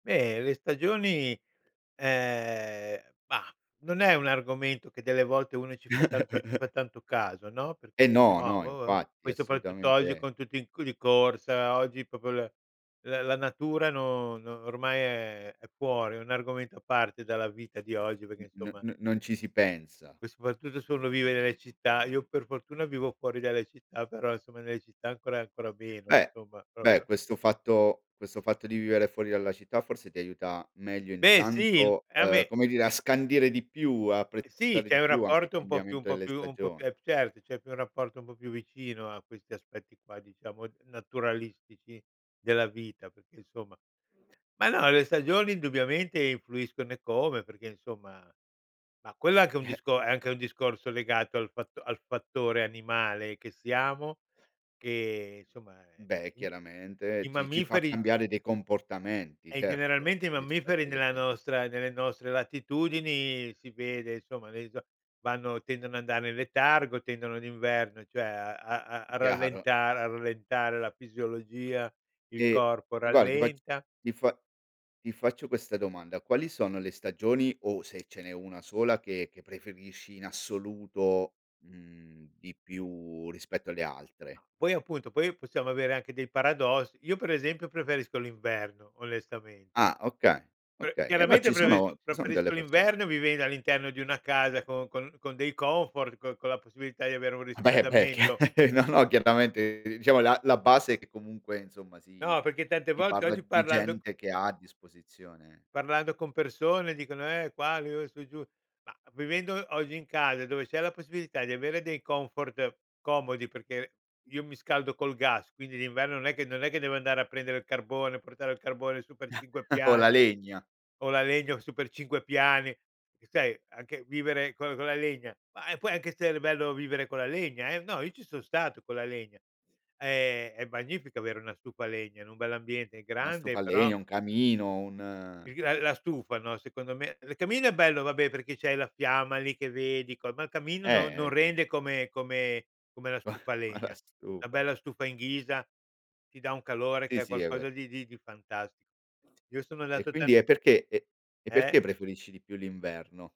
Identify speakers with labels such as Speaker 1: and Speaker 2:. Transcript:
Speaker 1: Beh, le stagioni ehm bah, non è un argomento che delle volte uno ci fa tanto ci fa tanto caso, no, perché
Speaker 2: Eh,
Speaker 1: dice.
Speaker 2: no,
Speaker 1: "Mah,
Speaker 2: no,
Speaker 1: boh",
Speaker 2: infatti
Speaker 1: poi soprattutto oggi
Speaker 2: assolutamente
Speaker 1: con tutti in di corsa, oggi proprio la la la natura no no ormai è è fuori, è un argomento a parte dalla vita di
Speaker 2: Eh,
Speaker 1: oggi perché insomma
Speaker 2: n-n-non ci si pensa.
Speaker 1: e soprattutto se uno vive nelle città. Io per fortuna vivo fuori dalle città, però insomma nelle città ancora, ancora meno
Speaker 2: Beh,
Speaker 1: insomma,
Speaker 2: beh.
Speaker 1: proprio.
Speaker 2: Questo fatto questo fatto di vivere fuori dalla città forse ti aiuta meglio
Speaker 1: Beh sì il
Speaker 2: intanto,
Speaker 1: ah
Speaker 2: ehm,
Speaker 1: beh
Speaker 2: come dire a scandire di più, a
Speaker 1: Eh sì,
Speaker 2: apprezzare
Speaker 1: c'è
Speaker 2: di
Speaker 1: un
Speaker 2: più anche il
Speaker 1: rapporto un po' più un
Speaker 2: cambiamento
Speaker 1: po'
Speaker 2: delle
Speaker 1: più un po' più
Speaker 2: stagion
Speaker 1: eh certo, c'è più un rapporto un po' più vicino a questi aspetti qua, diciamo, naturalistici della vita, perché insomma ma no le stagioni indubbiamente influiscono eccome, perché insomma ma quello è anche un
Speaker 2: Eh.
Speaker 1: discor è anche un discorso legato al fatto al fattore animale che siamo, che insomma è
Speaker 2: Beh, eh,
Speaker 1: uhm,
Speaker 2: chiaramente
Speaker 1: i
Speaker 2: ci ci fa
Speaker 1: mammiferi
Speaker 2: cambiare dei comportamenti
Speaker 1: eh,
Speaker 2: certo
Speaker 1: generalmente i mammiferi
Speaker 2: rispetto le
Speaker 1: nella
Speaker 2: stagio
Speaker 1: nostra nelle nostre latitudini si vede, insomma [unintelligible] vanno tendono andare in letargo, tendono d'inverno, cioè a-a-a
Speaker 2: Chiaro.
Speaker 1: rallentar a rallentare la fisiologia, il
Speaker 2: E
Speaker 1: corpo
Speaker 2: e guarda ti fac
Speaker 1: rallenta.
Speaker 2: ti fa ti faccio questa domanda: quali sono le stagioni o se ce n'è una sola che che preferisci in assoluto, mhmm, di più rispetto alle altre?
Speaker 1: Poi appunto, poi possiamo avere anche dei paradossi. Io per esempio preferisco l'inverno, onestamente.
Speaker 2: Ah, oka
Speaker 1: Eh,
Speaker 2: okay; eh no
Speaker 1: chiaramente
Speaker 2: ci sono
Speaker 1: preferisco
Speaker 2: ci son delle
Speaker 1: preferisco
Speaker 2: persone
Speaker 1: l'inverno vivendo all'interno di una casa con con con dei comfort con con la possibilità di avere un
Speaker 2: Eh beh, eh beh è chia
Speaker 1: riscaldamento.
Speaker 2: no, no, chiaramente diciamo la la base è che comunque, insomma, si
Speaker 1: No, perché tante
Speaker 2: si
Speaker 1: volte
Speaker 2: parla
Speaker 1: oggi
Speaker 2: d di
Speaker 1: parlando
Speaker 2: gente che ha a disposizione
Speaker 1: parlando con persone dicono: "Eh qua, io e su e giù"; ma vivendo oggi in casa, dove c'è la possibilità di avere dei comfort comodi, perché io mi scaldo col gas, quindi d'inverno non è che non è che devo andare a prendere il carbone, portare il carbone su per 5
Speaker 2: O la
Speaker 1: piani
Speaker 2: legna!
Speaker 1: o la legna su per 5 piani. Eh sai anche vivere con con la legna, ma, eh, poi può anche essere bello vivere con la legna eh! No, io ci son stato con la legna. È è magnifico avere una stufa a legna in un bell'ambiente
Speaker 2: A stufa
Speaker 1: grande,
Speaker 2: a
Speaker 1: però
Speaker 2: legna, un camino, un
Speaker 1: Il gra ehm, la stufa, no, secondo me il camino è bello vabbè perché c'hai la fiamma lì che vedi, co ma il camino
Speaker 2: Eh,
Speaker 1: non
Speaker 2: eh
Speaker 1: non
Speaker 2: okay.
Speaker 1: rende come come come la stufa a
Speaker 2: Ma la
Speaker 1: legna. Una
Speaker 2: stufa.
Speaker 1: bella stufa in ghisa ti dà un calore che
Speaker 2: Sì,
Speaker 1: è
Speaker 2: sì è
Speaker 1: qualcosa
Speaker 2: quel
Speaker 1: di di di fantasti Io sono
Speaker 2: E
Speaker 1: andato tan
Speaker 2: quindi e perché e e perché
Speaker 1: Eh!
Speaker 2: preferisci di più l'inverno?